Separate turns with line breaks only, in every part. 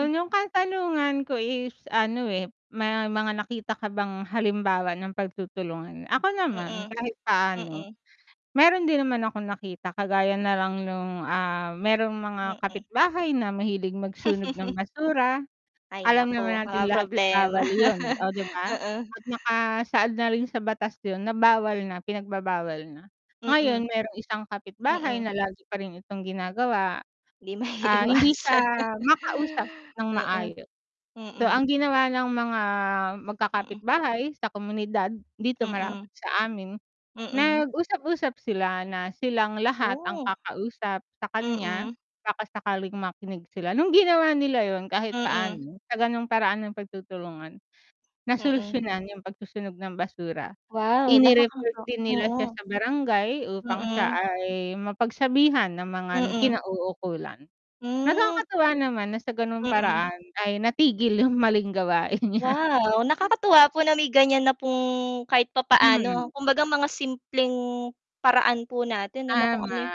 Hm.
yung katanungan ko is, ano, eh, may mga nakita ka bang halimbawa ng pagtutulungan? Ako naman
Mm.
kahit paano,
Mm.
meron din naman akong nakita kagaya nalang nung, ah, merong mga
Mm.
kapitbahay na mahilig magsunog ng basura,
Ay
alam
naku,
naman natin
walang
lahat ng
problema.
bawal yun, oh, 'di ba?
Mm.
At nakasaad na rin sa batas yun, na bawal na pinagbabawal na. Ngayon,
Mm,
merong isang kapitbahay
mm.
na lagi pa rin itong ginagawa,
Hindi
ah, hindi siya
maiiwasan.
makausap ng
Mm,
maayos, so ang
mm.
ginawa ng mga
Mm.
magkakapitbahay sa komunidad dito malapit
Mm.
sa amin,
Mm.
nag-usap-usap sila na silang lahat ang
Woh.
kakausap sa kanya
Mm.
baka sakaling makinig sila, nung ginawa nila yun kahit
Mm.
paano sa ganong paraan ng pagtutulungan, na
Mm.
solusyunan yung pagsusunog ng basura,
Wow! Nakaka
ini-report din nila siya
oo.
sa barangay upang siya
Mm.
ay mapagsabihan ng mga
Mm.
kinauukulan.
Hmm.
Nakakatuwa naman na sa ganung
Mm.
paraan ay natigil yung maling gawain niya.
Wow! Nakakatuwa po na may ganyan na pong kahit papaano,
Mhm.
kumbaga mga simpleng paraan po natin ano, kung
Tama
ano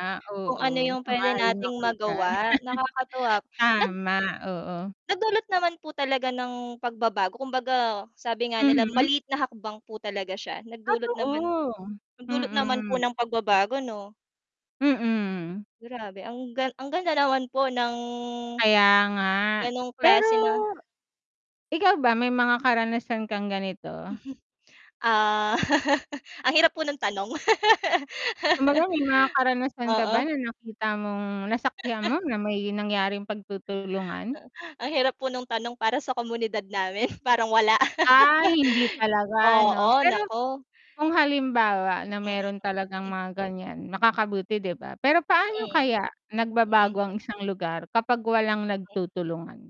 kung
oo,
ano yung pwede
sang-ayon
nating
ako diyan.
magawa nakakatuwa. Nag
Tama, oo.
nagdulot naman po talaga ng pagbabago, kumbaga sabi nga nila,
Mhm.
maliit na hakbang po talaga siya nagdulot naman
Totoo,
nagdulot naman po
mm.
ng pagbabago 'no.
Mm.
Grabe, ang ang ganda naman po ng,
Kaya nga
ganong
pero,
klase na.
ikaw ba, may mga karanasan kang ganito?
Ah, ang hirap mo ng tanong.
Kumbaga may mga karanasan ka ba,
Oo.
na nakita mong nasaksihan mo na may nangyaring pagtutulungan?
Ang hirap po no'ng tanong para sa komunidad namin parang wala.
Ah, hindi talaga 'no,
Oo,
pero,
naku.
kung halimbawa na
Mm.
meron talagang mga ganyan, makakabuti 'di ba? Pero paano
Mm.
kaya nagbabago
Mm.
ang isang lugar kapag walang
Ay, o.
nagtutulungan?